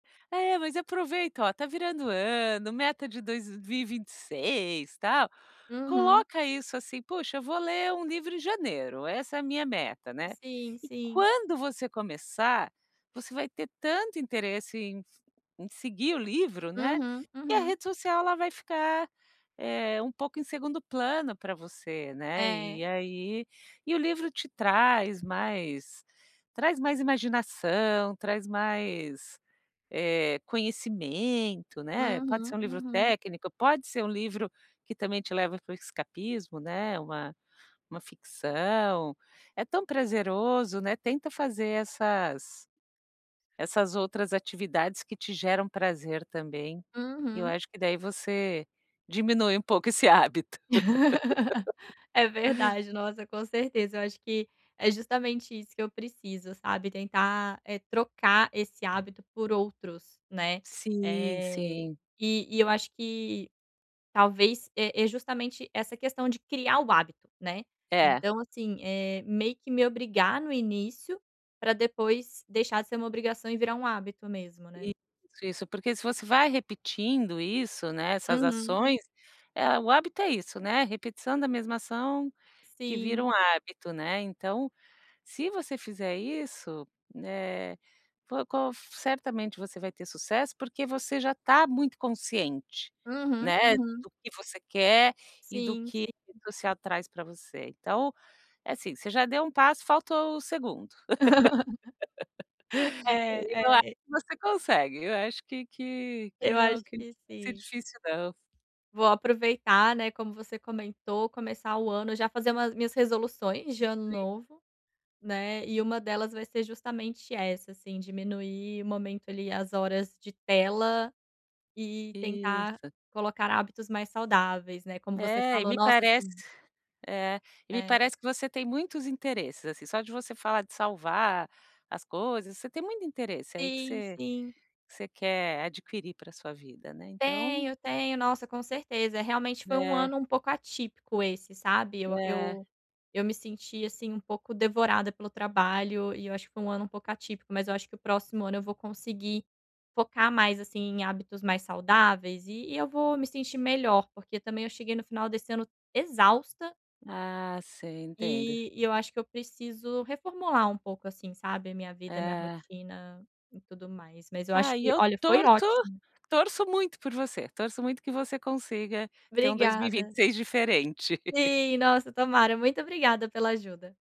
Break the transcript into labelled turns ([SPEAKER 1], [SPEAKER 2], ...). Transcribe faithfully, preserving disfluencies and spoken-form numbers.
[SPEAKER 1] É, mas aproveito, oh, tá virando o ano, meta de dois mil e vinte e seis, tal,
[SPEAKER 2] Uhum.
[SPEAKER 1] coloca isso, assim: "Poxa, vou ler um livro em janeiro. Essa é a minha meta, né."
[SPEAKER 2] Sim,
[SPEAKER 1] E
[SPEAKER 2] sim.
[SPEAKER 1] quando você começar, você vai ter tanto interesse em em seguir o livro, né,
[SPEAKER 2] Uhum,
[SPEAKER 1] que a
[SPEAKER 2] uhum.
[SPEAKER 1] rede social, ela vai ficar, eh, um pouco em segundo plano pra você, né.
[SPEAKER 2] É.
[SPEAKER 1] E aí e o livro te traz mais traz mais imaginação, traz mais, eh, conhecimento, né. Pode ser
[SPEAKER 2] Uhum,
[SPEAKER 1] um livro
[SPEAKER 2] uhum.
[SPEAKER 1] técnico, pode ser um livro que também te leva para o escapismo, né, uma uma ficção. É tão prazeroso, né. Tenta fazer essas essas outras atividades que te geram prazer também. E eu
[SPEAKER 2] Uhum.
[SPEAKER 1] acho que daí você diminui um pouco esse hábito.
[SPEAKER 2] É verdade, nossa, com certeza. Eu acho que é justamente isso que eu preciso, sabe? Tentar, eh, trocar esse hábito por outros, né,
[SPEAKER 1] Sim,
[SPEAKER 2] eh,
[SPEAKER 1] sim.
[SPEAKER 2] e e eu acho que talvez é é justamente essa questão de criar o hábito, né.
[SPEAKER 1] É.
[SPEAKER 2] Então, assim, eh, meio que me obrigar, no início, pra depois deixar de ser uma obrigação e virar um hábito mesmo, né.
[SPEAKER 1] Isso, isso. Porque se você vai repetindo isso, né, essas
[SPEAKER 2] Uhum.
[SPEAKER 1] ações, eh, o hábito é isso, né, repetição da mesma ação que vira
[SPEAKER 2] Sim.
[SPEAKER 1] um hábito, né. Então, se você fizer isso, eh, po qual certamente você vai ter sucesso, porque você já tá muito consciente,
[SPEAKER 2] Uhum,
[SPEAKER 1] né,
[SPEAKER 2] uhum.
[SPEAKER 1] do que você quer, e do
[SPEAKER 2] Sim,
[SPEAKER 1] que
[SPEAKER 2] sim.
[SPEAKER 1] você atrai para você. Então, é assim, você já deu um passo, faltou o segundo.
[SPEAKER 2] É,
[SPEAKER 1] E eu acho
[SPEAKER 2] é.
[SPEAKER 1] que você consegue, eu acho que que que
[SPEAKER 2] Eu
[SPEAKER 1] não
[SPEAKER 2] acho
[SPEAKER 1] que não
[SPEAKER 2] que
[SPEAKER 1] vai ser
[SPEAKER 2] sim.
[SPEAKER 1] difícil não.
[SPEAKER 2] Vou aproveitar, né, como você comentou, começar o ano já fazer umas minhas resoluções de ano
[SPEAKER 1] [unintelligible]
[SPEAKER 2] novo, né, e uma delas vai ser justamente essa, assim, diminuir o momento, ali, as horas de tela, e tentar
[SPEAKER 1] Isso.
[SPEAKER 2] colocar hábitos mais saudáveis, né, como você
[SPEAKER 1] É. E
[SPEAKER 2] falou.
[SPEAKER 1] me
[SPEAKER 2] Nossa,
[SPEAKER 1] parece
[SPEAKER 2] sim.
[SPEAKER 1] é, e me
[SPEAKER 2] É.
[SPEAKER 1] parece que você tem muitos interesses, assim, só de você falar de salvar as coisas, você tem muito interesse aí que
[SPEAKER 2] Sim,
[SPEAKER 1] você
[SPEAKER 2] sim.
[SPEAKER 1] você quer adquirir para sua vida, né, então.
[SPEAKER 2] Tenho, tenho. Nossa, com certeza, realmente foi um
[SPEAKER 1] É.
[SPEAKER 2] ano um pouco atípico esse, sabe. Eu
[SPEAKER 1] É.
[SPEAKER 2] eu eu me senti, assim, um pouco devorada pelo trabalho e eu acho que foi um ano um pouco atípico, mas eu acho que o próximo ano eu vou conseguir focar mais, assim, em hábitos mais saudáveis e e eu vou me sentir melhor, porque também eu cheguei no final desse ano exausta.
[SPEAKER 1] Ah, sei. Entendo.
[SPEAKER 2] E e eu acho que eu preciso reformular um pouco, assim, sabe, a minha vida, a minha
[SPEAKER 1] É.
[SPEAKER 2] rotina e tudo mais. Mas eu acho
[SPEAKER 1] Ai, e
[SPEAKER 2] que,
[SPEAKER 1] eu
[SPEAKER 2] olha, foi
[SPEAKER 1] torço
[SPEAKER 2] ótimo.
[SPEAKER 1] torço muito por você, torço muito que você consiga ter um dois mil e vinte
[SPEAKER 2] Obrigada.
[SPEAKER 1] e seis diferente.
[SPEAKER 2] Sim, nossa, tomara. Muito obrigada pela ajuda.